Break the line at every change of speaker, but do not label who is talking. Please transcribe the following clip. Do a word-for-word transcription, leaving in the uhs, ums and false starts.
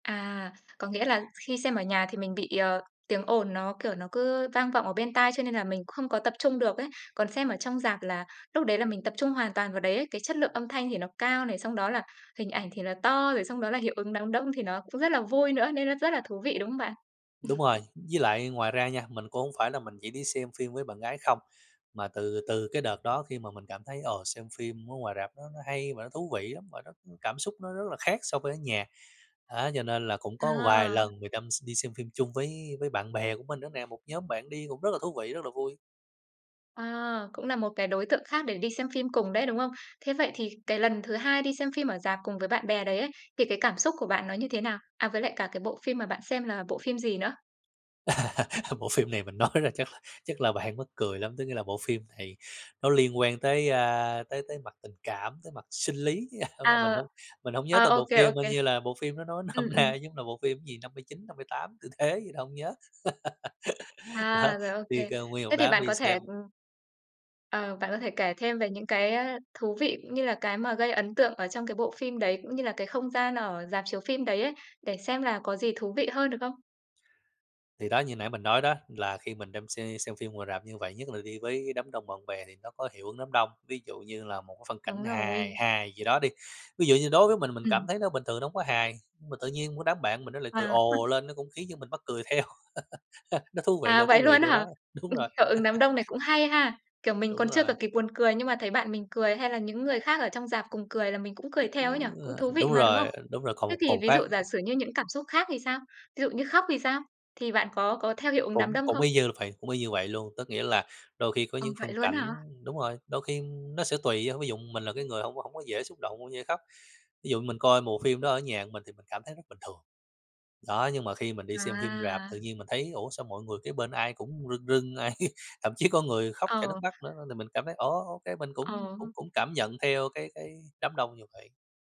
À, có nghĩa là khi xem ở nhà thì mình bị, ờ, tiếng ồn nó, kiểu, nó cứ vang vọng ở bên tai cho nên là mình không có tập trung được ấy. Còn xem ở trong rạp là lúc đấy là mình tập trung hoàn toàn vào đấy ấy, cái chất lượng âm thanh thì nó cao này, xong đó là hình ảnh thì nó to, rồi xong đó là hiệu ứng đám đông thì nó cũng rất là vui nữa, nên nó rất là thú vị, đúng không bạn?
Đúng rồi, với lại ngoài ra nha, mình cũng hông phải là mình chỉ đi xem phim với bạn gái không, mà từ từ cái đợt đó khi mà mình cảm thấy, ờ, xem phim ở ngoài rạp nó nó hay và nó thú vị lắm và nó cứ cảm xúc nó rất là khác so với ở nhà, á cho nên là cũng có vài
À!
lần người tăm s đi xem phim chung với với bạn bè của mình nữa nè, một nhóm bạn đi cũng rất là thú vị, rất là vui.
À, cũng là một cái đối tượng khác để đi xem phim cùng đấy, đúng không? Thế vậy thì cái lần thứ hai đi xem phim ở rạp cùng với bạn bè đấy ấy, thì cái cảm xúc của bạn nó như thế nào? À, với lại cả cái bộ phim mà bạn xem là bộ phim gì nữa?
Bộ phim này mình nói ra chắc là chắc là bạn mắc cười lắm, tức nghĩa là bộ phim này nó liên quan tới, a, tới tới mặt tình cảm, tới mặt sinh lý. Ơ, à, mình
À.
hông mình hổng nhớ
Ờ,
tên
ô
bộ
kê, ô
phim, coi
kê.
như là bộ phim nó nói
Ừm,
nôm
ừm.
na giống là bộ phim gì, năm mươi chín năm mươi tám tư thế gì đó hổng nhớ. Đó,
À, rồi, ô
đi
kê.
keo nguyên một
Thế thì
đám
bạn
đi
có thể,
xem.
ừm ờ, bạn có thể kể thêm về những cái, ơ, thú vị cũng như là cái mà gây ấn tượng ở trong cái bộ phim đấy, cũng như là cái không gian ở rạp chiếu phim đấy ấy, để xem là có gì thú vị hơn, được không?
Thì đó, như nãy mình nói đó, là khi mình đam xem xem phim ngoài rạp như vậy, nhất là đi với đám đông bạn bè thì nó có hiệu ứng đám đông, ví dụ như là một cái phân cảnh
Đúng
hài
rồi.
hài gì đó đi, ví dụ như đối với mình mình cảm
Ừm.
thấy nó bình thường nó hổng có hài, mà tự nhiên cái đám bạn mình nó lại cười
À ha.
ồ lên nó cũng khiến cho mình mắc cười theo. Nó thú vị là
À,
thú
vậy
vị
luôn á
chỗ đó,
hả?
đúng
Ừm,
rồi.
hiệu ứng đám đông này cũng hay ha! Kiểu mình
Đúng
còn chưa
rồi.
cả kịp buồn cười nhưng mà thấy bạn mình cười hay là những người khác ở trong rạp cùng cười là mình cũng cười
Ừm,
theo ấy nhỉ? Cũng
ờ,
thú vị
đúng
mà, đúng không?
rồi, đúng rồi, còn
Thế
một còn
thì
một
ví
cái.
dụ giả sử như những cảm xúc khác thì sao? Ví dụ như khóc thì sao? Thì bạn có có theo hiệu ứng đám
Cũng
đông
cũng
không?
y như là vậy, cũng y như vậy luôn, có nghĩa là đôi khi có
Ừ,
những
vậy
phân
luôn á
cảnh
hả?
đúng rồi, đôi khi nó sẽ tùy, ờ, ví dụ mình là cái người hông có hông có dễ xúc động, hông dễ khóc, ví dụ mình coi bộ phim đó ở nhà của mình thì mình cảm thấy rất bình thường. Đó, nhưng mà khi mình đi xem phim rạp tự
À!
nhiên mình thấy ủa, sao mọi người kế bên ai cũng rưng rưng, ai thậm chí có người khóc chảy nước
Ờ.
mắt nữa n mình cảm thấy ồ ô kê, mình
Ờ
cũng cũng
ha.
cũng cảm nhận theo cái cái đám đông như vậy.